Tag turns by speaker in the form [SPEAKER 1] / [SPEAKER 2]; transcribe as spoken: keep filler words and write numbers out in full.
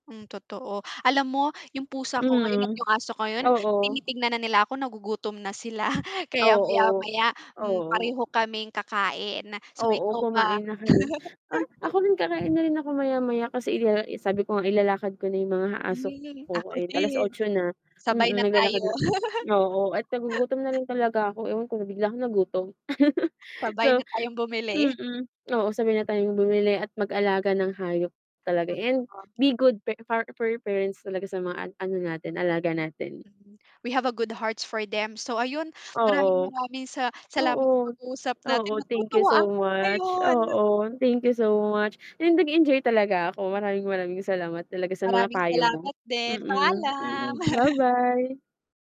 [SPEAKER 1] Hmm, totoo. Alam mo yung pusa ko ngayon at
[SPEAKER 2] Mhm,
[SPEAKER 1] yung aso ko ngayon
[SPEAKER 2] Oo.
[SPEAKER 1] tinitignan na nila ako nagugutom na sila kaya
[SPEAKER 2] Oo.
[SPEAKER 1] maya-maya, hmm,
[SPEAKER 2] Oo.
[SPEAKER 1] pareho kaming kakain. So,
[SPEAKER 2] Oo,
[SPEAKER 1] ikaw ba?
[SPEAKER 2] kumain na kayo. Ah, ako rin kakain na rin ako maya-maya kasi i eh, sabi ko nga ilalakad ko na yung mga aso
[SPEAKER 1] Hmm, ako
[SPEAKER 2] ko and
[SPEAKER 1] din.
[SPEAKER 2] alas-otso na.
[SPEAKER 1] Sabay
[SPEAKER 2] Mm,
[SPEAKER 1] na tayo.
[SPEAKER 2] naglalakad oo, at nagugutom na rin talaga ako, ewan ko na bigla akong nagutom.
[SPEAKER 1] Sabay na
[SPEAKER 2] So
[SPEAKER 1] tayong bumili.
[SPEAKER 2] mm, oo, sabay na tayong bumili at mag-alaga ng hayop talaga and
[SPEAKER 1] Totoo.
[SPEAKER 2] be good fur far fur parents talaga sa mga an ano natin alaga natin.
[SPEAKER 1] Mhm, we have a good hearts for them. So, ayun maraming
[SPEAKER 2] Oo.
[SPEAKER 1] maraming sa salamat
[SPEAKER 2] Oo,
[SPEAKER 1] sa pag-uusap
[SPEAKER 2] oo,
[SPEAKER 1] natin
[SPEAKER 2] thank you
[SPEAKER 1] natutuwa
[SPEAKER 2] so
[SPEAKER 1] ako
[SPEAKER 2] much.
[SPEAKER 1] ngayon.
[SPEAKER 2] Oo, thank you so much and nag-enjoy talaga ako. Maraming-maraming salamat talaga sa mga
[SPEAKER 1] Maraming
[SPEAKER 2] payo mo.
[SPEAKER 1] salamat din,
[SPEAKER 2] Mm,
[SPEAKER 1] paalam.
[SPEAKER 2] mm, ba-bye.